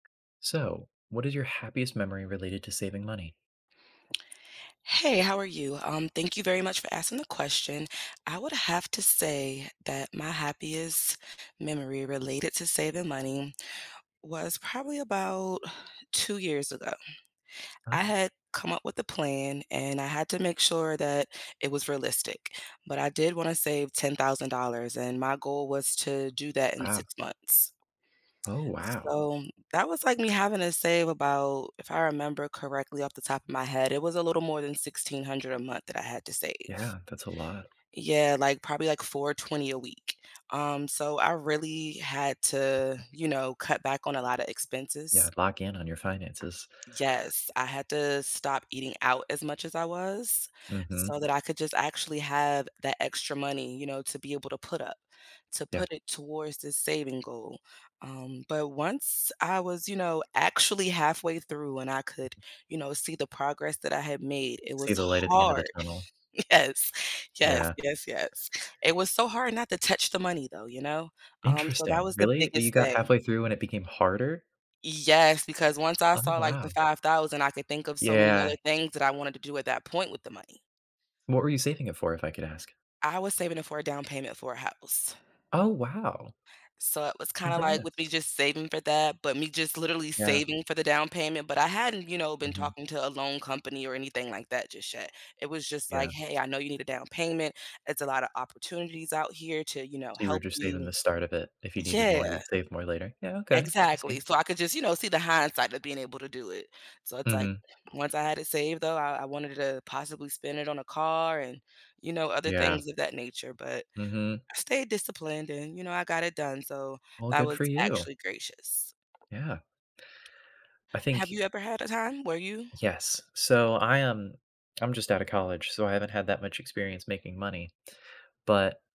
So, what is your happiest memory related to saving money? Hey, how are you? Um, thank you very much for asking the question. I would have to say that my happiest memory related to saving money was probably about 2 years ago. I Uh had come up with a plan and I had to make sure that it was realistic, but I did wanna save $10,000 and my goal was to do that in Ah. 6 months. Oh wow. So, that was like me having to save about, if I remember correctly off the top of my head, it was a little more than $1,600 a month that I had to save. Yeah, that's a lot. Yeah, like, probably, like, $420 a week. Um, so I really had to, you know, cut back on a lotta Yeah, expenses. lock in on your finances. Yes, I had to stop eating out as much as I was. Mhm. So that I could just actually have that extra money, you know, to be able to put up. To Yeah. put it towards the saving goal. Um, but once I was, you know, actually halfway through and I could, you know, see the progress that I had made, it See was the light at the end of the hard. tunnel. Yes, yes, Yeah. yes, yes. It was so hard not to touch the money though, you know? Um, so that Interesting. was the Really, you biggest got thing. halfway through and it became harder? Yes, because once I Oh saw, like, wow. the $5,000 I could think of so many Yeah. other things that I wanted to do at that point with the money. What were you saving it for, if I could ask? I was saving it for a down payment for a house. Oh wow. So it was kinda like with me Congrats. just saving for that, but me just literally Yeah. saving for the down payment, but I hadn't, you know, been Mhm. talking to a loan company or anything like that just yet. It was just like, Yeah. "Hey, I know you need a down payment, it's a lotta opportunities out here to, you know, So you were help just saving you." the start of it, if you needed more, Yeah. you'd save more later? Yeah, okay, I Exactly. see. So I could just, you know, see the hindsight of being able to do it. So it's like, Mhm. once I had it saved though, I I wanted to possibly spend it on a car and, you know, other Yeah. things of that nature, but Mhm I stayed disciplined and, you know, I got it done, so Well, that good was for you. actually gracious. Yeah. I Have think you ever had a time where you Yes. So I am I'm just outta college, so I haven't had that much experience making money, but